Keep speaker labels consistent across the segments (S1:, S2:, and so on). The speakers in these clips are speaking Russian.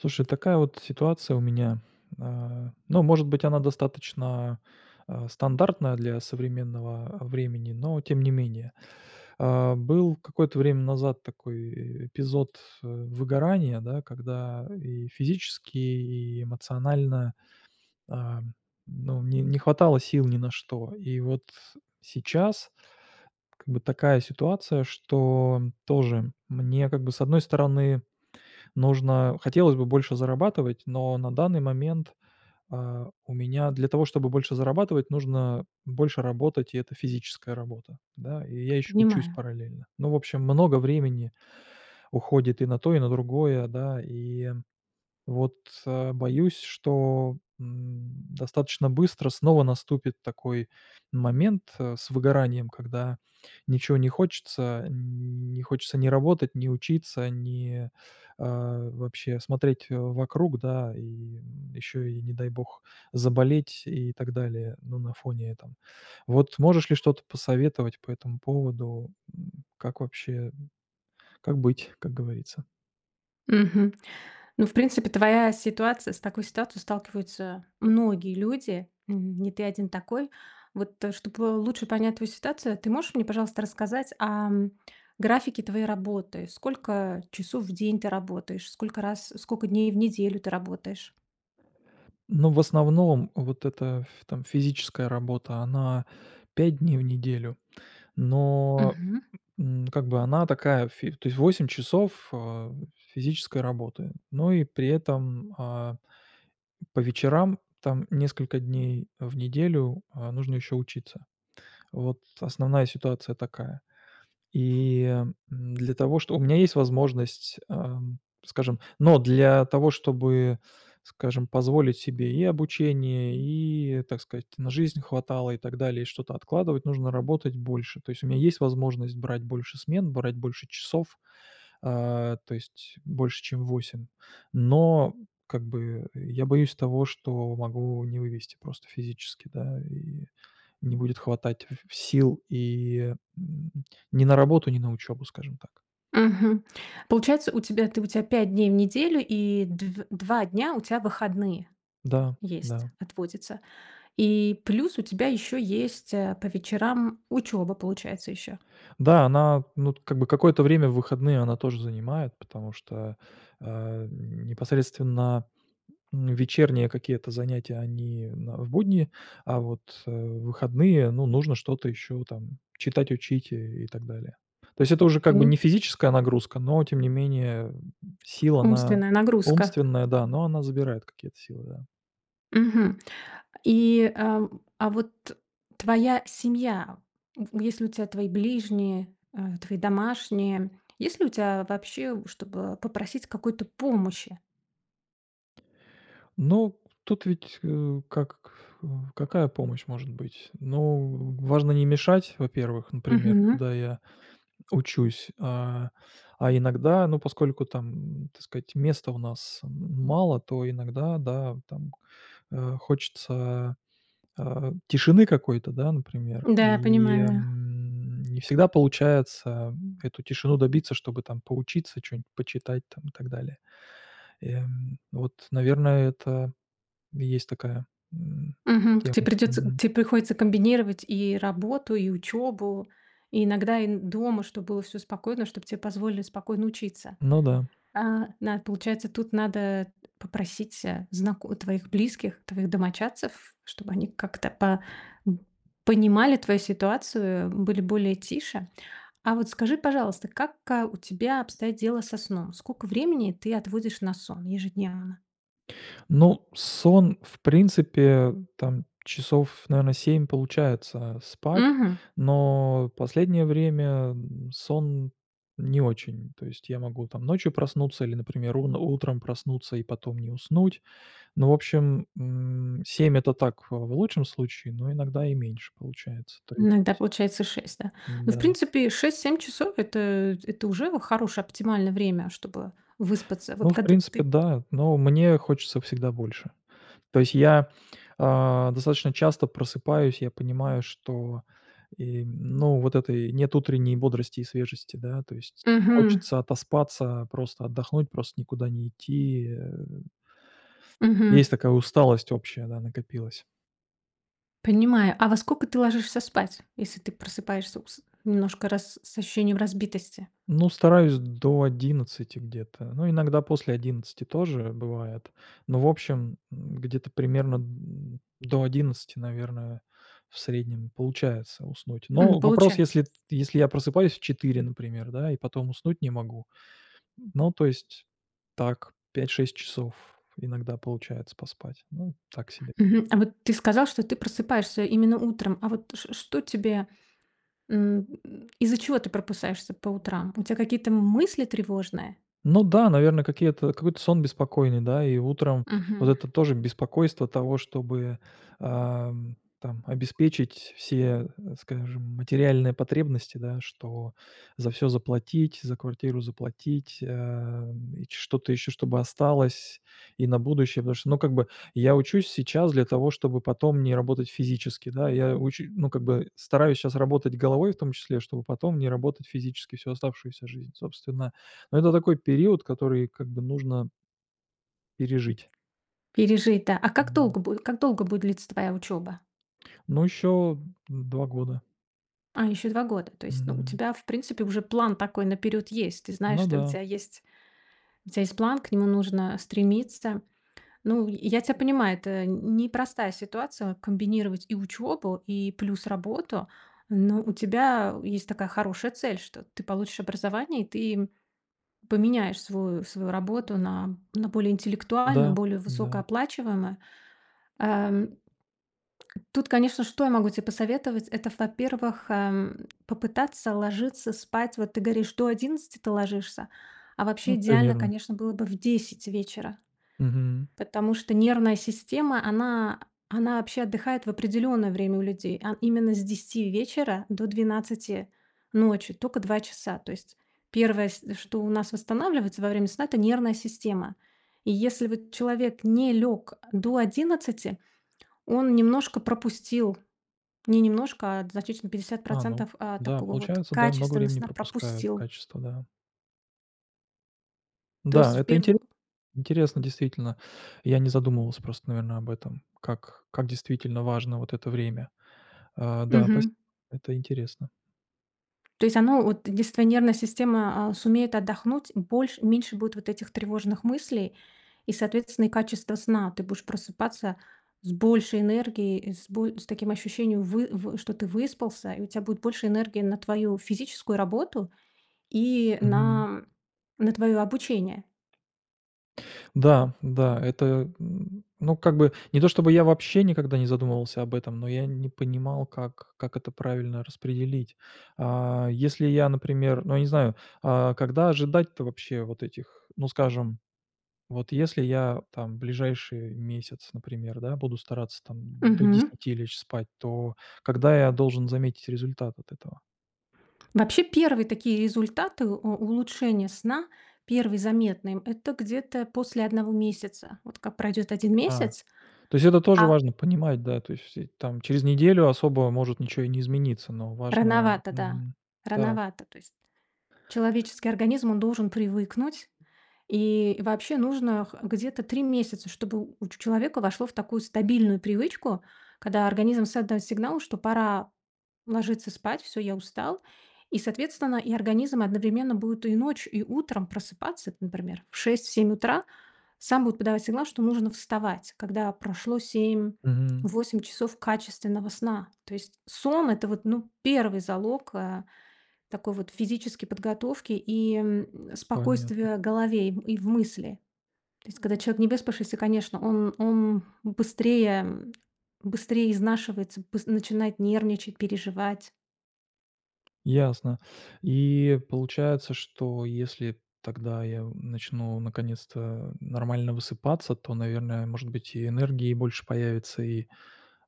S1: Слушай, такая вот ситуация у меня. А, ну, может быть, она достаточно, а, стандартная для современного, а, времени, но тем не менее. А, был какое-то время назад такой, э, эпизод, э, выгорания, да, когда и физически, и эмоционально, а, ну, не не хватало сил ни на что. И вот сейчас как бы такая ситуация, что тоже мне как бы, с одной стороны, нужно хотелось бы больше зарабатывать, но на данный момент, а, у меня для того, чтобы больше зарабатывать, нужно больше работать, и это физическая работа, да. И я ещё учусь
S2: Понимаю.
S1: параллельно. Ну, в общем, много времени уходит и на то, и на другое, да. И вот, а, боюсь, что, м, достаточно быстро снова наступит такой момент, э, с выгоранием, когда ничего не хочется. Ни не хочется ни работать, ни учиться, ни, а, вообще смотреть вокруг, да, и, м, ещё и не дай бог заболеть и так далее. Ну, на фоне этом. Вот можешь ли что-то посоветовать по этому поводу? М, как вообще, м, как быть, как говорится?
S2: Мгм, ну, в принципе, твоя ситуация с такой ситуацией сталкиваются многие люди, н не ты один такой. Вот, э, чтобы лучше понять твою ситуацию, ты можешь мне, пожалуйста, рассказать, ам, графике твоей работы? Сколько часов в день ты работаешь? Сколько раз сколько дней в неделю ты работаешь?
S1: Но в основном вот эта ф там физическая работа, она 5 дней в неделю, но,
S2: Мгм.
S1: м, как бы она такая, ф то есть 8 часов, а, физической работы, но и при этом, а, по вечерам там несколько дней в неделю, а, нужно еще учиться. Вот основная ситуация такая. И, м, для того чтобы у меня есть возможность, ам, скажем, но для того чтобы, скажем, позволить себе и обучение, и, так сказать, на жизнь хватало и так далее, и что-то откладывать, нужно работать больше. То есть у меня есть возможность брать больше смен, брать больше часов. А, то есть больше чем 8. Но, как бы, я боюсь того, что могу не вывезти просто физически. Да, и не будет хватать сил и н ни на работу, ни на учебу, скажем так.
S2: Мгм. Получается у тебя, ты у тебя 5 дней в неделю и дв два дня у тебя выходные
S1: Да
S2: есть,
S1: да.
S2: отводятся. И плюс у тебя ещё есть, э, по вечерам учеба получается ещё.
S1: Да, она, ну, т как бы какое-то время в выходные она тоже занимает, потому что, а, непосредственно, м, вечерние какие-то занятия они в б будние, а вот, э, в выходные, ну, нужно что-то ещё там, читать, учить и и так далее. То есть это уже как бы не
S2: Поним
S1: физическая нагрузка, но тем не менее сила она
S2: Умственная нагрузка.
S1: умственная, да, но она забирает какие-то силы, да.
S2: Мгм. И, э, а вот твоя семья в есть ли у тебя твои ближние, э, твои домашние, есть ли у тебя вообще чтобы попросить какой-то помощи.
S1: Ну, тут ведь, э, как э, какая помощь может быть? Ну, важно не мешать, во-первых, например,
S2: Мгм.
S1: когда я учусь, а, а иногда, ну поскольку там, так сказать, места у нас м мало, то иногда, да, там, э, хочется, а, тишины какой-то, да, например,
S2: Да, я
S1: и,
S2: понимаю.
S1: м, не всегда получается эту тишины добиться, чтобы там поучиться, чё-нибудь почитать там и так далее. И, м, вот, наверное, это и есть такая, м,
S2: Мгм. Тебе
S1: тема.
S2: придётся
S1: Мгм.
S2: тебе приходится комбинировать и работу, и учёбу. И иногда и н дома, чтобы было всё спокойно, чтобы тебе позволили спокойно учиться.
S1: Ну да.
S2: Э, на получается, тут надо попросить, э, знако твоих близких, твоих домочадцев, чтобы они как-то по н понимали твою ситуацию, были более тише. А вот скажи, пожалуйста, как, а, у тебя обстоят дела со сном? Сколько времени ты отводишь на сон ежедневно?
S1: Ну, сон, в принципе, там часов, наверное, 7, получается спать,
S2: Мгм.
S1: но в последнее время н сон не очень. То есть, я могу там ночью проснуться или, например, ун утром проснуться и потом не уснуть. Но, в общем, м 7- это так, э, в лучшем случае, но иногда и меньше получается, то
S2: Иногда
S1: есть.
S2: получается 6, да? Ну, в
S1: Н-да.
S2: принципе, 6-7 часов- это это уже хорошее оптимальное время, чтобы выспаться. Вот
S1: Ну, в
S2: когда
S1: принципе,
S2: ты
S1: да, но мне хочется всегда больше. То есть я, а, достаточно часто просыпаюсь, я понимаю, что и, ну, вот этой нет утренней бодрости и свежести, да? То есть
S2: Мгм.
S1: хочется отоспаться, просто отдохнуть, просто никуда не идти, э Есть
S2: Мгм.
S1: такая усталость общая, да, накопилась.
S2: Понимаю, а во сколько ты ложишься спать, если ты просыпаешься ус немножко рас с ощущением разбитости?
S1: Ну, стараюсь до 11 где-то, но иногда после 11 тоже бывает. Но, в общем, м, где-то примерно д до 11, наверное, в среднем получается уснуть.
S2: М,
S1: Но вопрос,
S2: получается.
S1: если т если я просыпаюсь в 4, например, да, и потом уснуть не могу. Но, то есть, так 5-6 часов иногда получается поспать. Ну, так себе.
S2: Мгм. А вот ты сказал, что ты просыпаешься именно утром, а вот ш что тебе, м, из-за чего ты просыпаешься по утрам? У тебя какие-то мысли тревожные?
S1: Ну да, наверное, какие-то какой-то сон беспокойный, да? И утром вот
S2: Мгм.
S1: это тоже беспокойство того, чтобы, ам там обеспечить все, скажем, материальные потребности, да- что за всё заплатить, за квартиру заплатить, эм, что-то ещё чтобы осталось и на будущее. Потому что, ну как бы, я учусь сейчас для того, чтобы потом не работать физически, да? Я оче ну как бы, стараюсь щас работать головой, в том числе, чтобы потом не работать физически всю оставшуюся жизнь, собственно. Ну, это такой период, который как бы нужно пережить.
S2: Пережить, да. А как
S1: Н-да.
S2: долго бу как долго будет длиться твоя учеба?
S1: Ну, ещё 2 года.
S2: А, еще 2 года, то есть, ну, у
S1: Мгм.
S2: тебя в принципе уже план такой наперед есть. Ты знаешь,
S1: Ну
S2: что у
S1: да.
S2: тебя есть у тебя есть план, к нему нужно стремиться. Ну, й я тебя понимаю, это ни непростая ситуация- комбинировать и учебу, и плюс работу. Но у тебя есть такая хорошая цель, что ты получишь образование, и ты м поменяешь свою свою работу на на более интеллектуальную,
S1: Да,
S2: более
S1: да.
S2: высокооплачиваемую. Эм. Тут, конечно, что я могу тебе посоветовать- это, во-первых, эм, попытаться ложиться спать. Вот ты говоришь: "До 11 ты ложишься", а вообще
S1: Ну,
S2: идеально,
S1: примерно.
S2: конечно, было бы в 10 вечера,
S1: Мгм.
S2: потому что нервная система, она она вообще отдыхает в определенное время у людей, а именно с 10 вечера до 12 ночи, тока 2 часа. То есть первое, с что у нас восстанавливается во время сна- это нервная система. И если вот человек не лег до 11, он немножко пропустил. Не немножко, а значительно- пятьдесят
S1: А, ну
S2: процентов, а,
S1: да,
S2: такого вот
S1: получается, да, много
S2: качественного
S1: времени
S2: сна
S1: пропускаю.
S2: пропустил.
S1: Качество, да.
S2: То есть,
S1: Да,
S2: в
S1: это интере
S2: перву
S1: интересно действительно. Я не задумывался, просто, наверное, об этом, как как действительно важно вот это время. Э, да, пост-
S2: Мгм.
S1: это интересно.
S2: То есть оно от если твоя нервная система, а, сумеет отдохнуть больше меньше будет вот этих тревожных мыслей и, соответственно, и качество сна. Ты будешь просыпаться с большей энергией и с боль с таким ощущением, вы вы что ты выспался, и у тебя будет больше энергии на твою физическую работу и на
S1: Мгм.
S2: на, м, на твое обучение.
S1: Да, да, это н ну, как бы, не то чтобы я вообще никогда не задумывался об этом, но я не понимал, как как это правильно распределить. А, если я, например, ну, я не знаю, а когда ожидать-то вообще вот этих, ну, скажем, вот если я там в ближайший месяц, например, да, буду стараться там до
S2: Мгм.
S1: 10 лечь спать, то когда я должен заметить результат от этого?
S2: Вообще, 1 такие результаты, э, улучшения сна, 1 заметные- это где-то после 1 месяца. Вот как пройдет 1
S1: А,
S2: месяц,
S1: то есть это тоже
S2: а
S1: важно понимать, да? То есть, э, там через неделю особо может ничего и не измениться, но важно
S2: Рановато, да.
S1: мгм, да.
S2: Рановато. То есть человеческий организм, он должен привыкнуть, и вообще нужно х где-то 3 месяца, чтобы у ч человека вошло в такую стабильную привычку, когда организм создаёт сигнал, что пора ложиться спать: "Всё, я устал". И, соответственно, и организм одновременно будет и ночью и утром просыпаться, например, в 6-7 утра. Сам будет подавать сигнал, что нужно вставать, когда прошло семь
S1: Мгм.
S2: восемь часов качественного сна. То есть сон- это вот, ну, первый залог, э, такой вот физической подготовки и, м,
S1: Понятно.
S2: спокойствия голове и в мысли. То есть, когда человек невыспавшийся, конечно, он он быстрее быстрей изнашивается, б начинает нервничать, переживать.
S1: Ясно. И получается, что если тогда я у начну наконец-то нормально высыпаться, то, наверное, может быть, и энергии больше появится, и,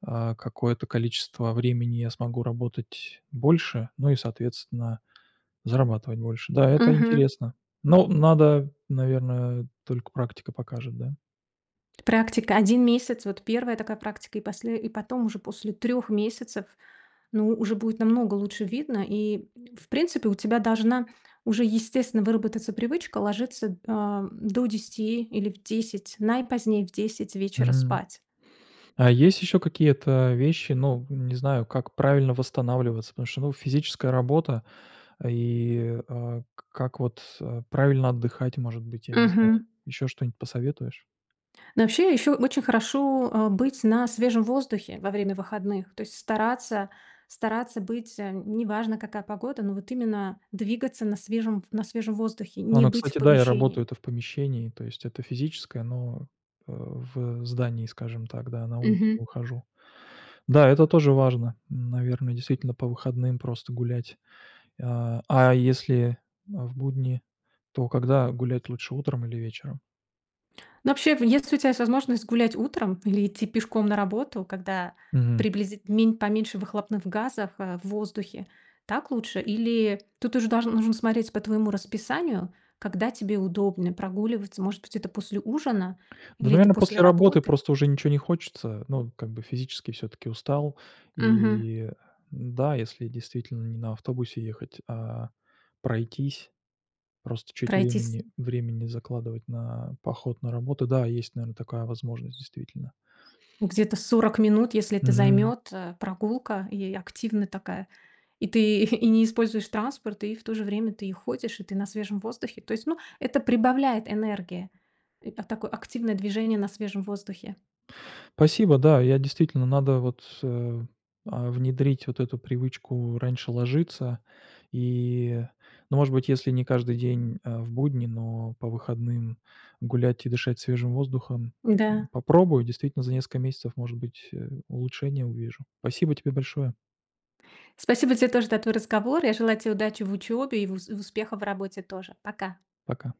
S1: а, какое-то количество времени я смогу работать больше, ну и, соответственно, зарабатывать больше. Да, это
S2: Мгм.
S1: интересно. Но надо, наверное, только практика покажет, да?
S2: Практика 1 месяц, вот 1 такая практика, и после и потом уже после 3 месяцев, ну, уже будет намного лучше видно, и, в принципе, у тебя должна уже естественно выработаться привычка ложиться, ам до 10 или в 10, наипозднее, в 10 вечера
S1: Мгм.
S2: спать.
S1: А есть ещё какие-то вещи, ну, не знаю, как правильно восстанавливаться? Потому что, ну, физическая работа, и а к как вот, э, правильно отдыхать, может быть, я не знаю.
S2: Мгм.
S1: Ещё что-нибудь посоветуешь?
S2: Ну, вообще, ещё очень хорошо, э, быть на свежем воздухе во время выходных, то есть стараться стараться быть, э, не важно, какая погода, но вот именно двигаться на свежем ф на свежем воздухе,
S1: А,
S2: не
S1: ну,
S2: быть в
S1: кстати, да, я
S2: помещении.
S1: работаю-то в помещении, то есть это физическое, но, э, в, э, здании, скажем так, да, на улицу
S2: Мгм.
S1: выхожу. Да, это тоже важно, наверное, действительно по выходным просто гулять. А а если, э, в будние, то когда гулять лучше: утром или вечером?
S2: Ну, вообще, в если у тебя есть возможность гулять утром или идти пешком на работу, когда
S1: Мгм.
S2: приблизит мень поменьше выхлопных газов, э, в воздухе. Так лучше? Или тут уже долж нужно смотреть по твоему расписанию, когда тебе удобно прогуливаться. Может быть, это после ужина
S1: Да,
S2: или это
S1: наверно,
S2: после
S1: после работы
S2: работы?
S1: просто уже ничего не хочется, ну, как бы, физически всё-таки устал.
S2: Мгм.
S1: И, э, н-да, если действительно не на автобусе ехать, а пройтись, просто чуть
S2: Пройтись.
S1: времени времени закладывать на поход на работу. Да, есть, наверное, такая возможность действительно.
S2: Ну, где-то 40 минут, если это
S1: Мгм.
S2: займет, э, прогулка и активная такая. И ты и не используешь транспорт, и в то же время ты и ходишь, и ты на свежем воздухе, то есть, ну, это прибавляет энергии. И п такое активное движение на свежем воздухе.
S1: Спасибо, да. Я действительно, надо вот, э а, внедрить вот эту привычку раньше ложиться и, ну, может быть, если не каждый день, а, в будни, но по выходным гулять и дышать свежим воздухом.
S2: Н-да.
S1: М, попробую, действительно за несколько месяцев, может быть, э, улучшения увижу. Спасибо тебе большое!
S2: Спасибо тебе тоже за твой разговор. Я желаю тебе удачи в учёбе и в в успехов в работе тоже. Пока!
S1: Пока!